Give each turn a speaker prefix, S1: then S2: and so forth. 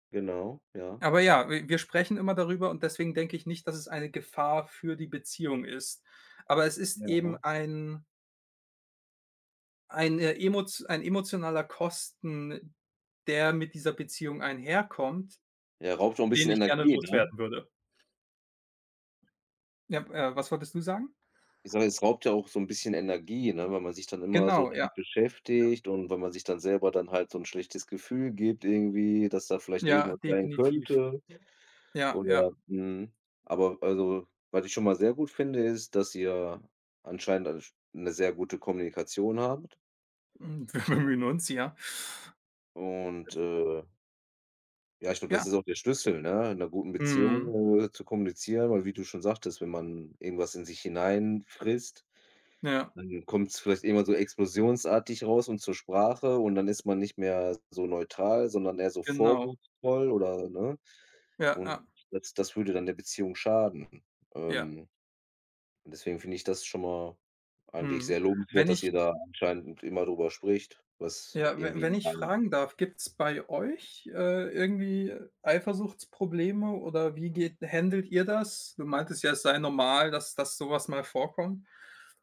S1: Genau, ja.
S2: Aber ja, w-wir sprechen immer darüber und deswegen denke ich nicht, dass es eine Gefahr für die Beziehung ist. Aber es ist eben
S1: Ja.
S2: ein eine emot ein emotionaler Kosten, der mit dieser Beziehung einherkommt,
S1: Ja, raubt auch 'n
S2: den
S1: bisschen
S2: ich gerne
S1: Energie, ne?
S2: loswerden würde. Ja, äh, was wolltest du sagen?
S1: Ich sage mal, es raubt ja auch so 'n bisschen Energie, ne, weil man sich dann immer so
S2: Genau, ja.
S1: damit
S2: Ja.
S1: beschäftigt und weil man sich dann selber dann halt so 'n schlechtes Gefühl gibt irgendwie, dass da vielleicht
S2: Ja,
S1: irgendwas sein
S2: definitiv.
S1: könnte
S2: Ja, ja.
S1: oder, mhm. Aber also, was ich schon mal sehr gut finde, ist, dass ihr anscheinend eine sch 'ne sehr gute Kommunikation habt.
S2: Hm, wir
S1: O
S2: bemühen uns, ja. Es
S1: Und, äh ja, ich glaube,
S2: Ja.
S1: das ist auch der Schlüssel, ne, in 'ner guten
S2: Mhm.
S1: Beziehung, äh, zu kommunizieren. Weil wie du schon sagtest, wenn man irgendwas in sich hinein frisst,
S2: Ja.
S1: dann kommt's vielleicht irgendwann so explosionsartig raus und zur Sprache und dann ist man nicht mehr so neutral, sondern eher so
S2: Genau.
S1: vorwurfsvoll oder, ne?
S2: Ja,
S1: Und
S2: ja.
S1: das das würde dann der Beziehung schaden.
S2: Ja.
S1: Ähm, und deswegen finde ich das schon mal eigentlich
S2: Mhm.
S1: sehr
S2: Wenn
S1: lobenswert, dass
S2: ich
S1: ihr da anscheinend immer drüber spricht, was
S2: ja,
S1: irgendwie
S2: we-wenn ich
S1: bei
S2: fragen darf, gibt's bei euch, äh, irgendwie Eifersuchtsprobleme oder wie geht händelt ihr das? Du meintest ja, es sei normal, dass dass so was mal vorkommt.